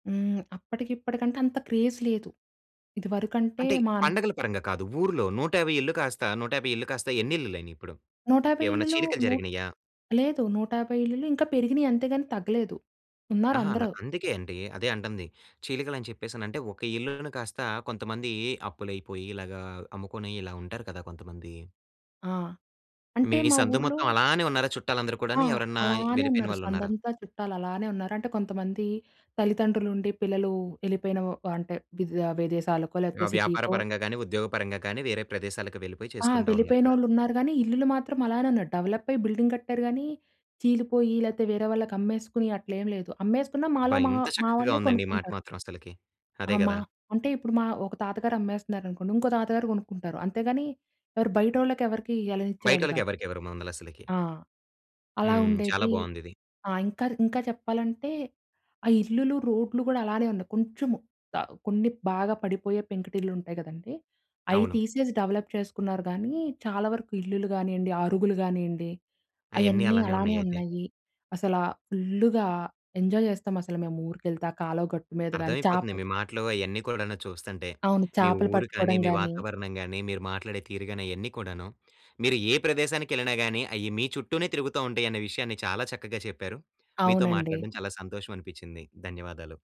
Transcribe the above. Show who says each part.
Speaker 1: హ్మ్. అప్పటికిప్పటికంటే, అంత క్రేజ్ లేదు. ఇదివరుకంటే
Speaker 2: అంటే,
Speaker 1: మాన్
Speaker 2: పండగల పరంగా కాదు. ఊర్లో 150 ఇళ్లు కాస్తా, 150 ఇల్లు కాస్తా ఎన్నిళ్లులైనియి ఇప్పుడు?
Speaker 1: 150
Speaker 2: ఏవన్నా
Speaker 1: ఇళ్లులూ
Speaker 2: చీలికలు
Speaker 1: నూట్
Speaker 2: జరిగినియా?
Speaker 1: లేదు. 150 ఇళ్లులు ఇంకా పెరిగినియి. అంతేగాని తగ్గలేదు.
Speaker 2: అహా! అల
Speaker 1: ఉన్నారందరు.
Speaker 2: అందుకే అండి. అదే అంటంది. చీలికలని చెప్పేసనంటే ఒక ఇళ్లును కాస్తా కొంతమందీ అప్పులయిపోయి ఇలాగా అమ్ముకొనీ ఇలా ఉంటారు కదా కొంతమంది.
Speaker 1: ఆ!
Speaker 2: మీ
Speaker 1: అంటే మా
Speaker 2: సందు
Speaker 1: ఊర్లో
Speaker 2: మొత్తం అలానే ఉన్నారా చుట్టాలందరు
Speaker 1: ఆ!
Speaker 2: కూడాని? ఎవరన్నా
Speaker 1: అలానే
Speaker 2: వెళ్ళిపోయిన
Speaker 1: ఉన్నారు.
Speaker 2: వాళ్ళున్నారా?
Speaker 1: సందంతా చుట్టాలలానే ఉన్నారు. అంటే, కొంతమందీ తల్లితండ్రులుండి పిల్లలూ యెళ్ళిపోయిన వ అంటే, విద్ విదేశాలకో,
Speaker 2: ఆ!
Speaker 1: లేపోతే
Speaker 2: వ్యాపార
Speaker 1: సిటీకో.
Speaker 2: పరంగా గానీ, ఉద్యోగ పరంగా కానీ, వేరే ప్రదేశాలకి వెళ్ళిపోయి
Speaker 1: ఆ!
Speaker 2: చేసుకుంటా ఉన్నారక్కడ.
Speaker 1: వెళ్ళిపోయినోళ్ళున్నారు గానీ, ఇల్లులు మాత్రం అలానే ఉన్నయి. డెవలప్పయి బిల్డింగ్ కట్టారు గానీ, చీలిపోయి లేతే వేరే వాళ్ళకి అమ్మేసుకుని అట్లేమి లేదు. అమ్మేసుకున్న మాలో
Speaker 2: అబ్బా!
Speaker 1: మా
Speaker 2: ఇంత
Speaker 1: మా
Speaker 2: చక్కకగా
Speaker 1: వాళ్ళే
Speaker 2: ఉందండి ఈ మాట
Speaker 1: కొనుక్కుంటారు.
Speaker 2: మాత్రం అసలకి.
Speaker 1: ఆ!
Speaker 2: అదే
Speaker 1: మా
Speaker 2: కదా!
Speaker 1: అంటే, ఇప్పుడు మా ఒక తాతగారమ్మేస్తన్నారనుకోండి, ఇంకో తాతగారు కొనుక్కుంటారు. అంతేగానీ, ఎవరు బయటోళ్ళకెవరకీ ఇయ్యాలనిచ్చేవాళ్ళు కాదు.
Speaker 2: బయటోళ్ళకెవరికివ్వరు మందలసలకి.
Speaker 1: ఆ! అలా
Speaker 2: హ్మ్. చాలా
Speaker 1: ఉండేదీ.
Speaker 2: బావుందిది.
Speaker 1: ఆ! ఇంకా ర్ ఇంకా చెప్పాలంటే, ఆ ఇల్లులు, రోడ్లు గూడలానే ఉంది. కొంచుము ఆహ్, కొన్ని బాగా పడిపోయే పెంకుటిల్లుంటయి కదండీ, అయి
Speaker 2: అవును.
Speaker 1: తీసేసి డవలప్ చేసుకున్నారు గానీ, చాలా వరకు ఇల్లులు గానియండి, అరుగులు గానియండి,
Speaker 2: అయన్నీ
Speaker 1: అయన్నీ
Speaker 2: అలానే
Speaker 1: అలానే
Speaker 2: ఉన్నయయితే.
Speaker 1: ఉన్నయ్యీ. అసలా ఫుల్లుగా ఎంజాయ్ చేస్తామసల మేమూరికెళ్తే, ఆ కాలవ గట్టు మీద గానీ,
Speaker 2: అర్థమైపోతంది
Speaker 1: చాపు
Speaker 2: మీ మాటలు అయన్నీ కూడాను చూస్తంటే.
Speaker 1: అవును.
Speaker 2: మీ
Speaker 1: చాపలు
Speaker 2: ఊరు కానీ,
Speaker 1: పట్టుకోడం
Speaker 2: మీ
Speaker 1: గానీ.
Speaker 2: వాతావరణం గానీ, మీరు మాట్లాడే తీరుగాని అయ్యన్నీ కూడాను, మీరు ఏ ప్రదేశానికెళ్ళినా గానీ, అయ్యి మీ చుట్టూనే తిరుగుతా ఉంటయన్న విషయాన్ని చాలా చక్కగా చెప్పారు. మీతో
Speaker 1: అవునండి.
Speaker 2: మాట్లాడడం చాలా సంతోషవనిపిచ్చింది. ధన్యవాదాలు.